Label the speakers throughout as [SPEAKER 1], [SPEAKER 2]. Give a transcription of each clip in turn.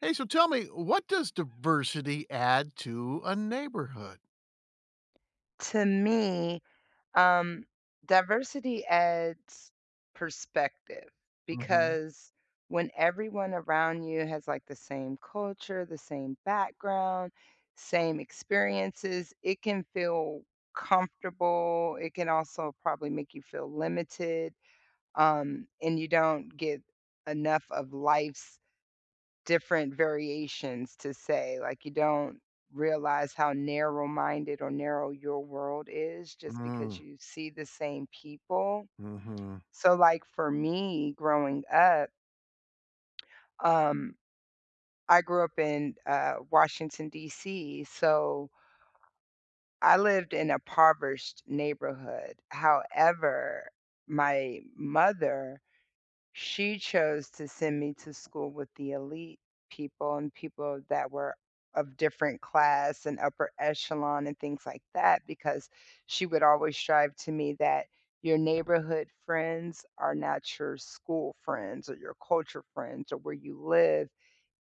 [SPEAKER 1] Hey, so tell me, what does diversity add to a neighborhood?
[SPEAKER 2] To me, um, diversity adds perspective,
[SPEAKER 1] Mhm.
[SPEAKER 2] because when everyone around you has, like, the same culture, the same background, same experiences, it can feel comfortable, it can also probably make you feel limited, um, and you don't get enough of life's different variations, to say. Like, you don't realize how narrow-minded or narrow your world is just because
[SPEAKER 1] Mm.
[SPEAKER 2] you see the same people.
[SPEAKER 1] Mhm.
[SPEAKER 2] So, like, for me growing up um, I grew up in, uh, Washington, D.C., so I lived in a poverished neighborhood, however, my mother, she chose to send me to school with the elite people, and people that were of different class, and upper echelon, and things like that, because she would always strive to me that your neighborhood friends are not your school friends, or your culture friends, or where you live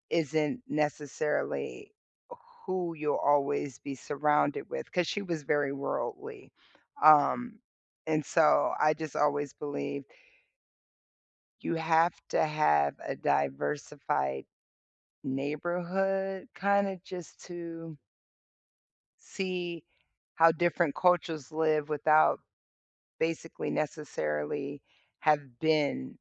[SPEAKER 2] isn't necessarily who you'll always be surrounded with- 'cause she was very worldly. Um, and so I just always believe you have to have a diversified neighborhood, kinda just to see how different cultures live without, basically, necessarily, have been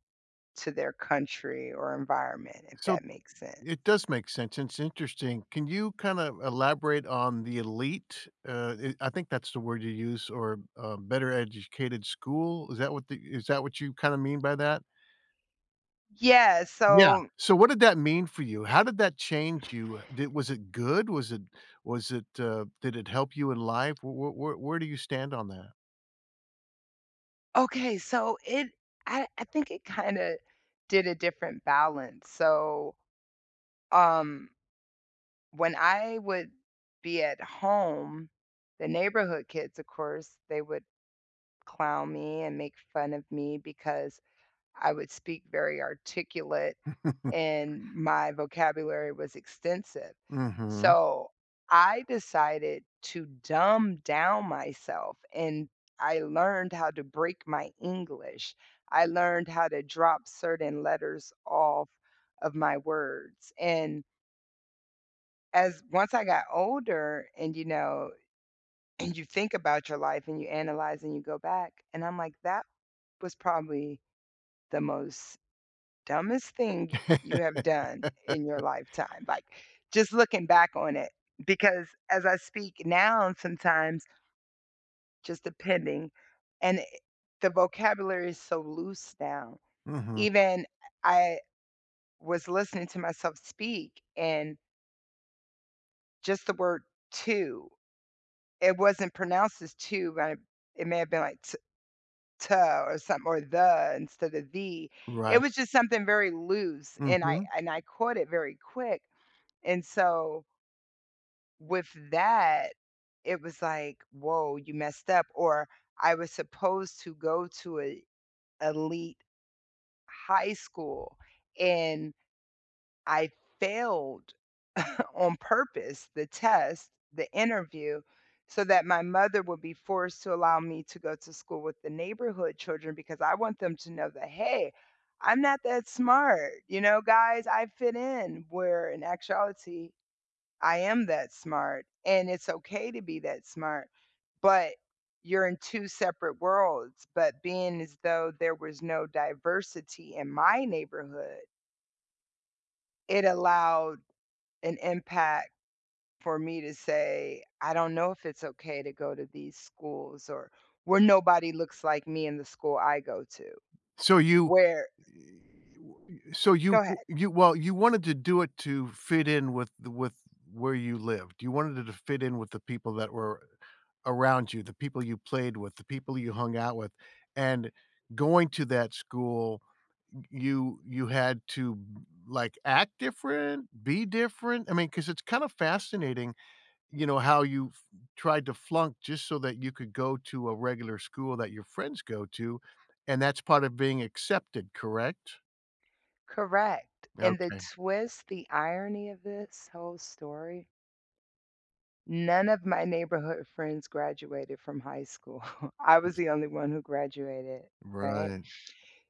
[SPEAKER 2] to their country or environment, if
[SPEAKER 1] So,
[SPEAKER 2] that makes sense.
[SPEAKER 1] it does make sense, it's interesting. Can you kinda elaborate on the elite? Uh, i I think that's the word you used, or, uh, better-educated school? Is that what the is that what you kinda mean by that?
[SPEAKER 2] Yeah,
[SPEAKER 1] Yeah.
[SPEAKER 2] so
[SPEAKER 1] So, what did that mean for you? How did that change you? Did was it good? Was it was it, uh, did it help you in life? Wh wh wh where do you stand on that?
[SPEAKER 2] Okay, so, it I I think it kinda did a different balance. So, um, when I would be at home, the neighborhood kids, of course, they would clown me and make fun of me because I would speak very articulate, and my vocabulary was extensive.
[SPEAKER 1] Mhm.
[SPEAKER 2] So, I decided to dumb down myself and I learned how to break my English. I learned how to drop certain letters off of my words and as once I got older and, you know, and you think about your life and you analyze and you go back, and I'm like, "That was probably the most dumbest thing y you have done in your lifetime." Like, just looking back on it, because, as I speak now and sometimes just depending, and, eh, the vocabulary is so loose now.
[SPEAKER 1] Mhm.
[SPEAKER 2] Even, eh, I was listening to myself speak and just the word, "to," it wasn't pronounced as, "to," but it may have been, like, t ta or something or, "the," instead of, "the." It
[SPEAKER 1] Right.
[SPEAKER 2] was just something very loose, and I
[SPEAKER 1] Mhm.
[SPEAKER 2] I and I caught it very quick, and so with that, it was like, "Woah, you messed up." Or I was supposed to go to a elite high school, and I failed on purpose, the test, the interview, so that my mother will be forced to allow me to go to school with the neighborhood children because I want them to know that, "Hey, I'm not that smart, you know, guys, I fit in." Where, in actuality, I am that smart, and it's okay to be that smart. But you're in 2 separate worlds, but being as though there was no diversity in my neighborhood it allowed an impact for me to say, "I don't know if it's okay to go to these schools or where nobody looks like me in the school I go to."
[SPEAKER 1] So, you,
[SPEAKER 2] Where,
[SPEAKER 1] eh
[SPEAKER 2] eh
[SPEAKER 1] w so you
[SPEAKER 2] Go
[SPEAKER 1] w
[SPEAKER 2] ahead.
[SPEAKER 1] you well, you wanted to do it to fit in with the with where you lived. You wanted it to fit in with the people that were around you, the people you played with, the people you hung out with, and going to that school, y you you had to, like, act different, be different, I mean, 'cause it's kind of fascinating, you know, how you f tried to flunk just so that you could go to a regular school that your friends go to, and that's part of being accepted, correct?
[SPEAKER 2] Correct. And the
[SPEAKER 1] Okay.
[SPEAKER 2] twist, the irony of this whole story None of my neighborhood friends graduated from high school. I was the only one who graduated, right?
[SPEAKER 1] Right.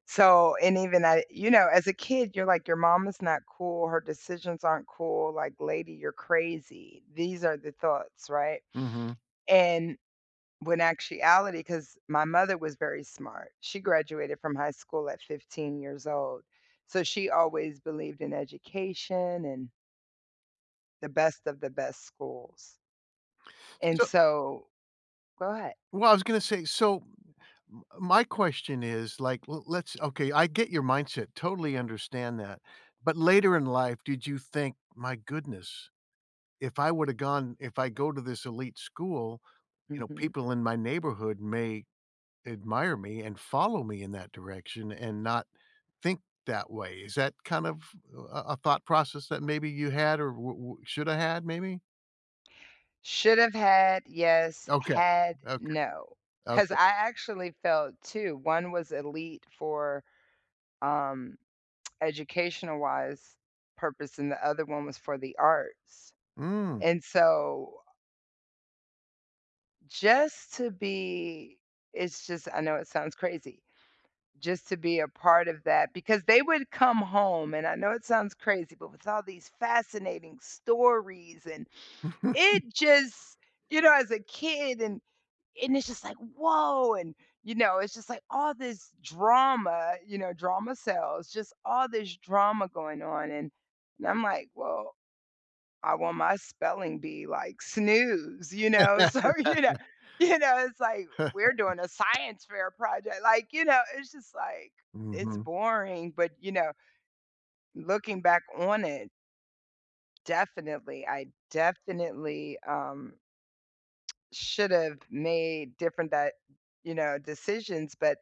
[SPEAKER 2] So, and even I you know, as a kid, you're like, "Your mom is not cool, her decisions aren't cool." Like, "Lady, you're crazy." These are the thoughts, right?
[SPEAKER 1] Mhm.
[SPEAKER 2] And, when actuality 'Cause my mother was very smart. She graduated from high school at 15 years old. So she always believed in education and The best of the best schools. And
[SPEAKER 1] So
[SPEAKER 2] so Go ahead.
[SPEAKER 1] Well, I was gonna say so m my question is, like, l let's okay, I get your mindset, totally understand that, but later in life, did you think, "My goodness, if I woulda gone if I go to this elite school, you know,
[SPEAKER 2] Mhm.
[SPEAKER 1] people in my neighborhood may admire me and follow me in that direction and not think that way." Is that kind of a a thought process that maybe you had or wou wou shoulda had maybe?
[SPEAKER 2] Should've had? Yes.
[SPEAKER 1] Okay.
[SPEAKER 2] Had?
[SPEAKER 1] Okay.
[SPEAKER 2] No. 'Cause
[SPEAKER 1] Okay.
[SPEAKER 2] I actually felt 2. One was elite for, um, educational-wise purpose, and the other one was for the arts.
[SPEAKER 1] Mm.
[SPEAKER 2] And so just to be it's just I know it sounds crazy. Just to be a part of that because they would come home- and I know it sounds crazy- but with all these fascinating stories, and it just you know, as a kid, and and it's just like, "Whoa!" And, you know, it's just, like, all this drama, you know- drama sells- just all this drama going on, and and I'm like, "Well, I won my spelling bee," like, snooze. You know? So, you kno you know, it's, like, "We're doing a science fair project." Like, you know, it's just, like it's
[SPEAKER 1] Mhm.
[SPEAKER 2] boring, but, you know looking back on it definitely, I definitely, um should've made different that you know, decisions, but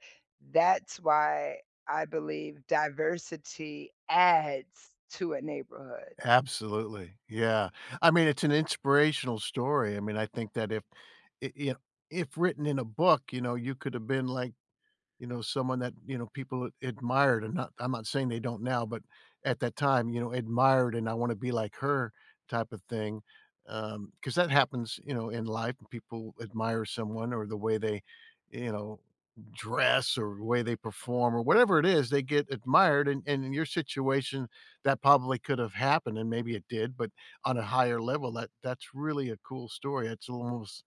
[SPEAKER 2] that's why I believe diversity adds to a neighborhood.
[SPEAKER 1] Absolutely, yeah. I mean, it's an inspirational story. I mean, I think that if i i a if written in a book, you know, you coulda been like, you know, someone that, you know, people ad admired, and not I'm not saying they don't now, but at that time, you know, admired and "I wanna be like her" type of thing. Um, 'cause that happens, you know, in life when people admire someone, or the way they, you know, dress, or the way they perform, or whatever it is, they get admired, and and in your situation, that probably could've happened, and maybe it did, but on a higher level, that that's really a cool story. It's almost,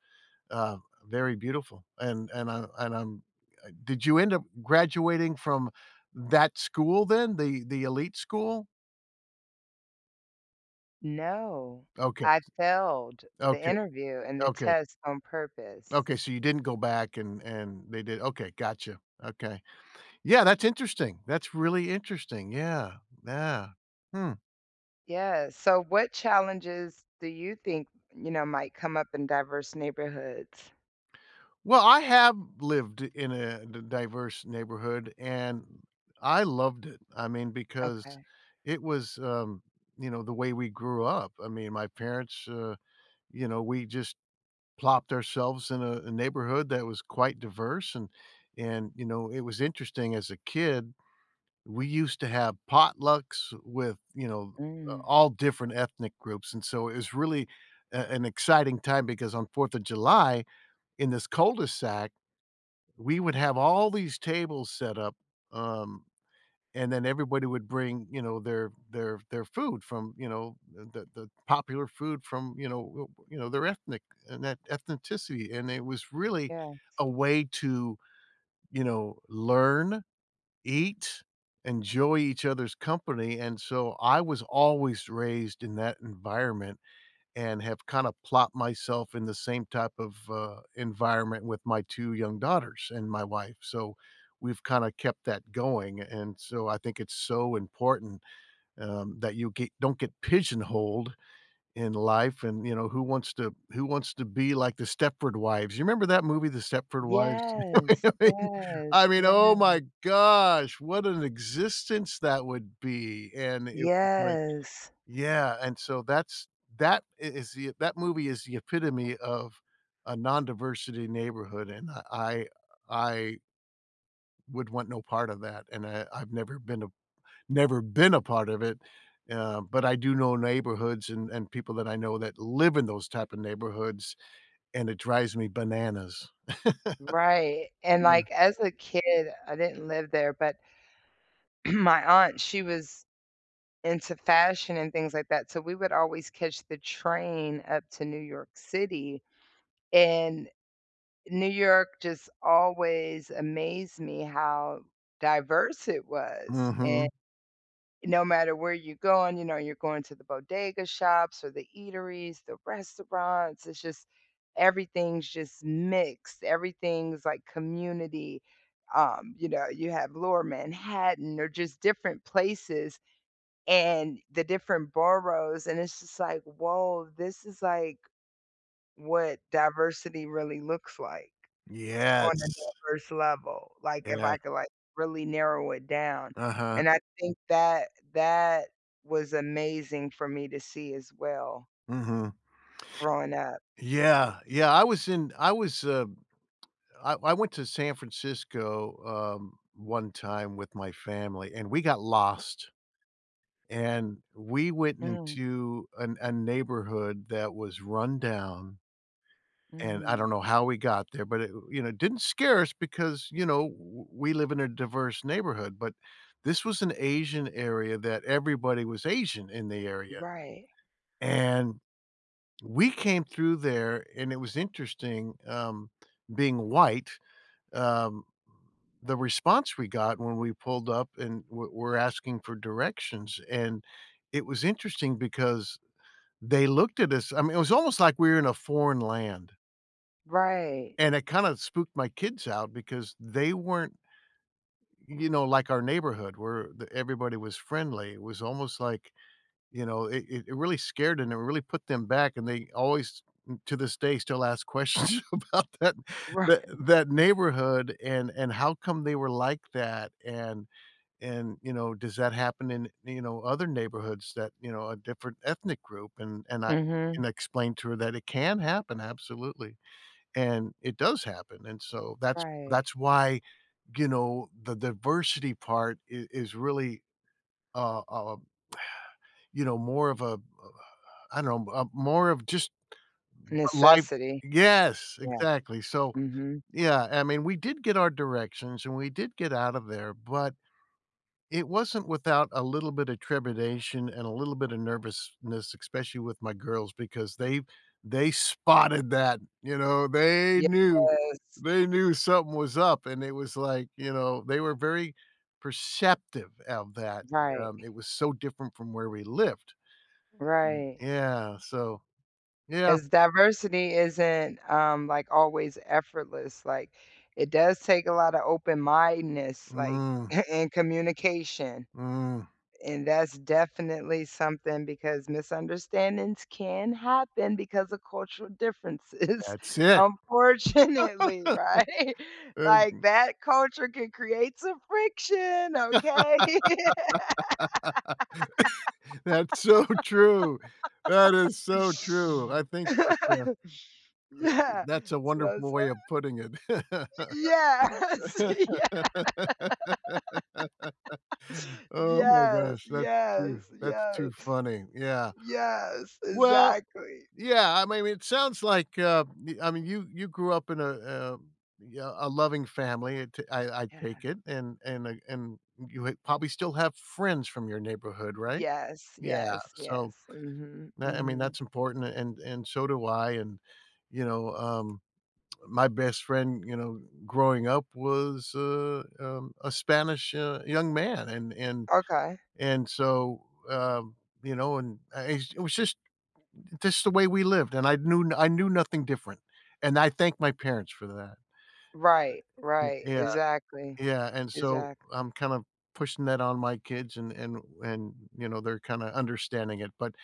[SPEAKER 1] uh, very beautiful. And and I and I'm uh, did you end up graduating from that school then, the the elite school?
[SPEAKER 2] No,
[SPEAKER 1] Okay.
[SPEAKER 2] I failed the
[SPEAKER 1] Okay,
[SPEAKER 2] interview and the
[SPEAKER 1] okay.
[SPEAKER 2] test on purpose.
[SPEAKER 1] Okay, so you didn't go back and and they did okay, gotcha, okay. Yeah, that's interesting, that's really interesting, yeah, yeah, hmm.
[SPEAKER 2] Yes, so, what challenges do you think, you know, might come up in diverse neighborhoods?
[SPEAKER 1] Well, I have lived in a di diverse neighborhood and I loved it, I mean, because
[SPEAKER 2] Okay.
[SPEAKER 1] it was, um, you know, the way we grew up, I mean, my parents, uh, you know, we just plopped ourselves in a a neighborhood that was quite diverse, and and, you know, it was interesting as a kid, we used to have potlucks with, you know, a
[SPEAKER 2] Mm.
[SPEAKER 1] all different ethnic groups, and so, it was really a an exciting time because on 4th of July, in this cul de sac, we would have all these tables set up, um, and then everybody would bring, you know, their their their food from, you know, the the the popular food from, you know, uh, you know, their ethnic etn ethnicity, and it was really
[SPEAKER 2] Yes.
[SPEAKER 1] a way to, you know, learn, eat, enjoy each other's company, and, so, I was always raised in that environment and have kinda plopped myself in the same type of, uh, environment with my 2 young daughters and my wife, so we've kinda kept that going, and so, I think it's so important, um, that you get don't get pigeonholed in life, and, you know, who wants to who wants to be like The Stepford Wives? You remember that movie, The Stepford Wives?
[SPEAKER 2] Yes!
[SPEAKER 1] I mean, I
[SPEAKER 2] Yes,
[SPEAKER 1] mean,
[SPEAKER 2] yes.
[SPEAKER 1] oh my gosh, what an existence that would be! And it wh like,
[SPEAKER 2] Yes.
[SPEAKER 1] yeah, and, so, that's that i is i that movie is the epitome of a non-diversity neighborhood, and, uh, I I would want no part of that, and I I've never been a never been a part of it, uh, but I do know neighborhoods a and people that I know that live in those type of neighborhoods, and it drives me bananas.
[SPEAKER 2] Right, and,
[SPEAKER 1] Yeah.
[SPEAKER 2] like, as a kid, I didn't live there, but my aunt, she was into fashion and things like that, so we would always catch the train up to New York City, and New York just always amazed me how diverse it was, and
[SPEAKER 1] Mhm.
[SPEAKER 2] no matter where you going, you know, you're going to the bodega shops or the eateries, the restaurants, it's just, everything's just mixed! Everything's like community, um, you know, you have Lower Manhattan or just different places and the different boroughs, and it's just like, "Woah, this is like what diversity really looks like, on a
[SPEAKER 1] Yes.
[SPEAKER 2] diverse level, like, if
[SPEAKER 1] Yeah.
[SPEAKER 2] I could, like, really narrow it down,"
[SPEAKER 1] Uh-huh.
[SPEAKER 2] and I think that that was amazing for me to see as well
[SPEAKER 1] Mhm.
[SPEAKER 2] growing up.
[SPEAKER 1] Yeah, yeah, I was in I was, um, I I went to San Francisco, um, one time with my family and we got lost, and we went
[SPEAKER 2] Mm.
[SPEAKER 1] into a n a neighborhood that was run down and I don't
[SPEAKER 2] Mm.
[SPEAKER 1] know how we got there, but i it, you know, didn't scare us because, you know, w we live in a diverse neighborhood, but this was an Asian area that everybody was Asian in the area,
[SPEAKER 2] Right.
[SPEAKER 1] and we came through there and it was interesting, um, being white, um, the response we got when we pulled up and we'r we're asking for directions, and it was interesting because they looked at us I mean, it was almost like we were in a foreign land.
[SPEAKER 2] Right.
[SPEAKER 1] And it kinda spooked my kids out because they weren't, you know, like our neighborhood where the everybody was friendly, it was almost like you know, i it really scared 'em, it really put them back and they always, to this day, still ask questions about that tha
[SPEAKER 2] Right.
[SPEAKER 1] that neighborhood and and how come they were like that, and and, you know, does that happen in, you know, other neighborhoods, that, you know, of different ethnic group, and I and
[SPEAKER 2] Mhm.
[SPEAKER 1] I explained to her that it can happen, absolutely, and it does happen, and so, that's
[SPEAKER 2] Right.
[SPEAKER 1] that's why, you know, the diversity part i is really, a a, you know, more of, a a a I don't know uh, a more of just l life
[SPEAKER 2] Necessity.
[SPEAKER 1] Yes,
[SPEAKER 2] Yeah.
[SPEAKER 1] exactly. So,
[SPEAKER 2] Mhm.
[SPEAKER 1] yeah, I mean, we did get our directions and we did get out of there, but it wasn't without a little bit of trepidation and a little bit of nervousness, especially with my girls because they they spotted that, you know, they knew.
[SPEAKER 2] Yes.
[SPEAKER 1] They knew something was up and it was like, you know, they were very perceptive of that,
[SPEAKER 2] Right.
[SPEAKER 1] um, it was so different from where we lived,
[SPEAKER 2] Right.
[SPEAKER 1] and, yeah, so yeah.
[SPEAKER 2] 'Cause diversity isn't, um, like, always effortless, like, it does take a lotta open-mindedness, like,
[SPEAKER 1] Mm.
[SPEAKER 2] a and communication,
[SPEAKER 1] Mm.
[SPEAKER 2] and that's definitely something because misunderstandings can happen because of cultural differences,
[SPEAKER 1] That's it.
[SPEAKER 2] unfortunately, right?
[SPEAKER 1] And,
[SPEAKER 2] Like,
[SPEAKER 1] m
[SPEAKER 2] that culture can create some friction, okay?
[SPEAKER 1] That's so true. That is so true, I think that, uh that's
[SPEAKER 2] Yeah,
[SPEAKER 1] a that's a
[SPEAKER 2] so
[SPEAKER 1] wonderful
[SPEAKER 2] so
[SPEAKER 1] way of putting it.
[SPEAKER 2] Yes, yes.
[SPEAKER 1] Oh my
[SPEAKER 2] Yes,
[SPEAKER 1] gosh, that's too
[SPEAKER 2] yes,
[SPEAKER 1] that's
[SPEAKER 2] yeah
[SPEAKER 1] too funny, yeah.
[SPEAKER 2] Yes.
[SPEAKER 1] Well,
[SPEAKER 2] Exactly.
[SPEAKER 1] yeah, I m I mean, it sounds like, uh I mean, you you grew up in a, uh, yeah, a loving family, I ta I I
[SPEAKER 2] Yeah.
[SPEAKER 1] take it, and and I and you ha probably still have friends from your neighborhood, right?
[SPEAKER 2] Yes,
[SPEAKER 1] Yeah,
[SPEAKER 2] yes, yes.
[SPEAKER 1] so
[SPEAKER 2] Mhm,
[SPEAKER 1] tha I mean,
[SPEAKER 2] mhm.
[SPEAKER 1] that's important and and so do I, and, you know, um, my best friend, you know, growing up was a um, a Spanish, uh, young man, an and
[SPEAKER 2] Okay.
[SPEAKER 1] and so, um, you know, and, ah eh, it was just just the way we lived and I knew I knew nothing different, and I thank my parents for that.
[SPEAKER 2] Right,
[SPEAKER 1] Y
[SPEAKER 2] right,
[SPEAKER 1] yeah,
[SPEAKER 2] exactly.
[SPEAKER 1] yeah, and so
[SPEAKER 2] Exactly.
[SPEAKER 1] I'm kinda pushing that on my kids and and and, you know, they're kinda understanding it, but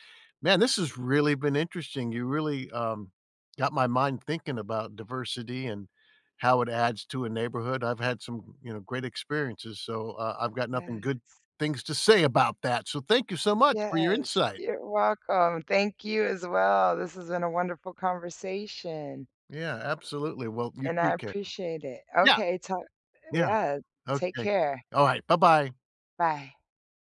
[SPEAKER 1] man, this has really been interesting, you really, um, got my mind thinking about diversity and how it adds to a neighborhood. I've had some, you know, great experiences, so, uh, I've got nothing
[SPEAKER 2] Yes.
[SPEAKER 1] good things to say about that, so thank you so much for your
[SPEAKER 2] Yes,
[SPEAKER 1] insight!
[SPEAKER 2] you're welcome. Thank you as well. This has been a wonderful conversation
[SPEAKER 1] Yeah, absolutely, well, you
[SPEAKER 2] and I
[SPEAKER 1] take care.
[SPEAKER 2] appreciate it.
[SPEAKER 1] Yeah.
[SPEAKER 2] Okay, talk
[SPEAKER 1] Yeah.
[SPEAKER 2] Yeah, take
[SPEAKER 1] Okay,
[SPEAKER 2] care.
[SPEAKER 1] all right, buh-bye.
[SPEAKER 2] Bye.